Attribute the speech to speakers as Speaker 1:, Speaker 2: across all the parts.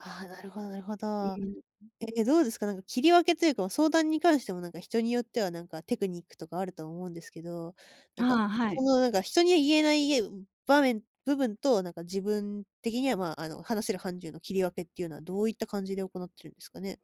Speaker 1: ああ、なるほどなるほ
Speaker 2: う
Speaker 1: ど。
Speaker 2: ん。
Speaker 1: え、どうですか？なんか切り分けというか、もう相談に関してもなんか人によってはなんかテクニックとかあると思うんですけど、なんか
Speaker 2: ああ、は
Speaker 1: そ
Speaker 2: い。
Speaker 1: のなんか人には言えないいえ場面部分となんか自分的にはまあ、あの話せる範疇の切り分けっていうのはどういった感じで行ってるんですかね？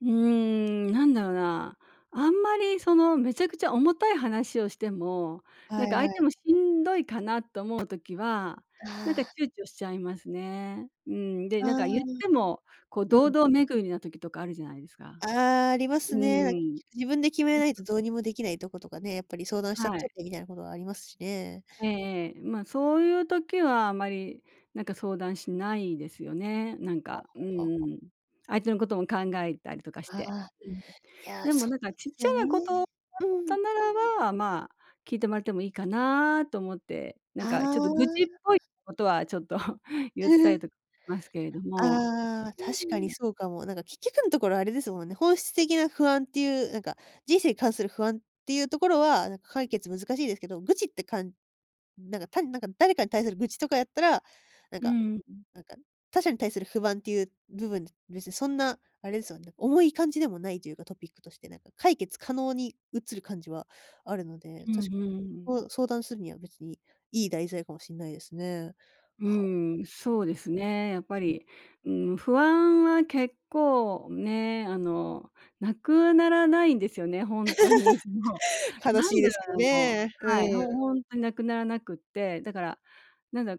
Speaker 2: うーん、なんだろうな。あんまりそのめちゃくちゃ重たい話をしても、なん
Speaker 1: は
Speaker 2: か
Speaker 1: い
Speaker 2: 相
Speaker 1: は
Speaker 2: 手
Speaker 1: い。
Speaker 2: もしんどいかなと思う時は、なんか
Speaker 1: ああ。
Speaker 2: 躊躇しちゃいますね。うん、で、
Speaker 1: あ
Speaker 2: なん
Speaker 1: あ。
Speaker 2: か言ってもこう
Speaker 1: うん。
Speaker 2: 堂々巡りな時とかあるじゃないですか。
Speaker 1: ああ、あります
Speaker 2: う
Speaker 1: ね。な
Speaker 2: ん。
Speaker 1: 自分で決めない
Speaker 2: そ
Speaker 1: と
Speaker 2: うそう。
Speaker 1: どうにもできないとことかね、やっぱり相談しちゃっ
Speaker 2: は
Speaker 1: ち
Speaker 2: い。
Speaker 1: ょっ出来ないことはありますしね。
Speaker 2: ええええ。ま、そういう時はあまりなんか相談しないですよね。なん
Speaker 1: はあ
Speaker 2: か、う
Speaker 1: はあはあはあ。
Speaker 2: ん。相手のことも考えたりとかし
Speaker 1: あ
Speaker 2: て。
Speaker 1: あ、
Speaker 2: うん。
Speaker 1: いや、
Speaker 2: でも
Speaker 1: そう
Speaker 2: なんか
Speaker 1: で
Speaker 2: ちっ
Speaker 1: す
Speaker 2: ちゃ
Speaker 1: よね。
Speaker 2: なことだっ
Speaker 1: うんうんう
Speaker 2: た
Speaker 1: ん。
Speaker 2: ならば、ま、聞いてもらってもいいかなと思って、なん
Speaker 1: あ
Speaker 2: かちょっと愚痴っ
Speaker 1: あ。
Speaker 2: ぽいことはちょっと 言ったり とますけれども。
Speaker 1: ああ、
Speaker 2: う
Speaker 1: 確かに
Speaker 2: ん。
Speaker 1: そうかも。なんか結局のところあれですもんね。本質的な不安っていう、なんか、人生に関する不安っていうところはなんか解決難しいですけど、愚痴ってかんなんか、単になんか誰かに対する愚痴とかやったら、なん
Speaker 2: う
Speaker 1: か、
Speaker 2: ーん。
Speaker 1: なんか他者に対する不安っていう部分、別にそんなあれですもんね、重い感じでもないというか。トピックとしてなんか解決可能に移る感じはあるので、
Speaker 2: う
Speaker 1: た
Speaker 2: んう
Speaker 1: し
Speaker 2: んうん。
Speaker 1: そう相談するには別にいい題材かもしんないですね。
Speaker 2: う
Speaker 1: は。
Speaker 2: ん、そうですね。やっぱり、うん、不安は結構ね、あの無くはならないんですよね、ほんとに。も う。
Speaker 1: 悲
Speaker 2: な
Speaker 1: し
Speaker 2: ん
Speaker 1: い
Speaker 2: で
Speaker 1: で
Speaker 2: だ
Speaker 1: すけど
Speaker 2: ろうもう
Speaker 1: ね。
Speaker 2: は
Speaker 1: う
Speaker 2: い、ほ
Speaker 1: ん。
Speaker 2: 本当に無くならなくって、だからなんだ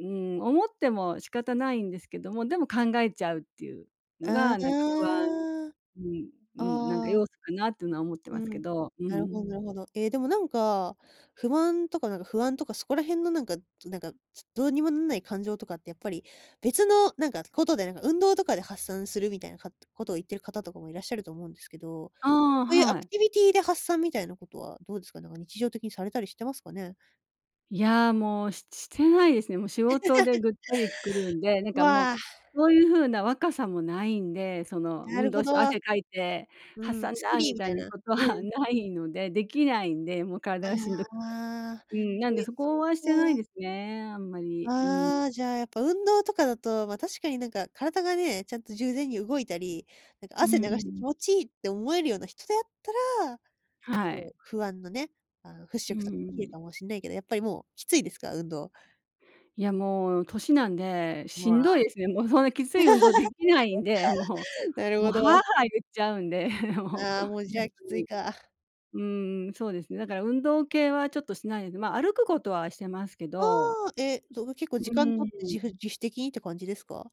Speaker 2: うん。思っても仕方ないんですけども、でも考えちゃうっていうの
Speaker 1: あ、
Speaker 2: がなんか不安
Speaker 1: ああ。
Speaker 2: うん、うん、なんか
Speaker 1: ああ。
Speaker 2: 要素かなっていうのは思ってま
Speaker 1: う
Speaker 2: すけ
Speaker 1: ん。
Speaker 2: ど。う
Speaker 1: なるほどな
Speaker 2: ん。
Speaker 1: るほど。え、でもなんか、不安とかなんか不安とかそこら辺のなんか、となんか、どうにもなんない感情とかってやっぱり、別のなんかことでなんか運動とかで発散するみたいなかとことを言ってる方とかもいらっしゃると思うんですけど、
Speaker 2: ああ、
Speaker 1: そういうア
Speaker 2: は
Speaker 1: ク
Speaker 2: い。
Speaker 1: ティビティで発散みたいなことはどうですか？なんか日常的にされたりしてますかね？
Speaker 2: いや、もうししてないですね。もう仕事で ぐっつり来るんで、なんかもう
Speaker 1: わあ。
Speaker 2: そういう風な若さもないんで、その
Speaker 1: な
Speaker 2: 「運
Speaker 1: る
Speaker 2: 動
Speaker 1: ほ
Speaker 2: し
Speaker 1: ど。
Speaker 2: て、汗かいて
Speaker 1: う
Speaker 2: 発
Speaker 1: ん、
Speaker 2: 散
Speaker 1: 「スッキ
Speaker 2: だ！」
Speaker 1: リ！」
Speaker 2: み
Speaker 1: み
Speaker 2: た
Speaker 1: た
Speaker 2: い
Speaker 1: い
Speaker 2: な
Speaker 1: な。
Speaker 2: ことは
Speaker 1: う ん。
Speaker 2: ないので、できないんで、もう
Speaker 1: あ
Speaker 2: 体がしんどくて。
Speaker 1: あ。
Speaker 2: うん、な
Speaker 1: そ
Speaker 2: んで
Speaker 1: れ、
Speaker 2: そ
Speaker 1: そっ
Speaker 2: こはしてない
Speaker 1: か。
Speaker 2: ですね、あんまり。う
Speaker 1: あ
Speaker 2: ん。
Speaker 1: あ、じゃあやっぱ運動とかだと、ま確かになんか体がね、ちゃんとじゅうぜんに動いたり、なんか
Speaker 2: う
Speaker 1: 汗
Speaker 2: んう
Speaker 1: 流して気
Speaker 2: ん。
Speaker 1: 持ちいいって思えるような人であったら、
Speaker 2: は
Speaker 1: そ
Speaker 2: い。
Speaker 1: う、不安のね、あの払
Speaker 2: う
Speaker 1: 拭とかできる
Speaker 2: ん。
Speaker 1: かもしんないけど、やっぱりもうきついですか？運動。
Speaker 2: いや、もう年なんで、し
Speaker 1: もう
Speaker 2: んど
Speaker 1: あ。
Speaker 2: いですね。もうそんなきつい運動できないんで、もう。
Speaker 1: なる
Speaker 2: もう
Speaker 1: ほ
Speaker 2: は
Speaker 1: ど。
Speaker 2: あはあ言っちゃうんで、もう、
Speaker 1: ああ、もう、じゃあ、き
Speaker 2: 逆
Speaker 1: つい
Speaker 2: に。
Speaker 1: か。
Speaker 2: うんうん、そうですね。だから運動系はちょっとしないので、ま、歩くことはしてますけ
Speaker 1: あ
Speaker 2: ど。
Speaker 1: あ、え、どの結構時
Speaker 2: う
Speaker 1: 間取って、
Speaker 2: ん。
Speaker 1: じふ自主的にって感じですか？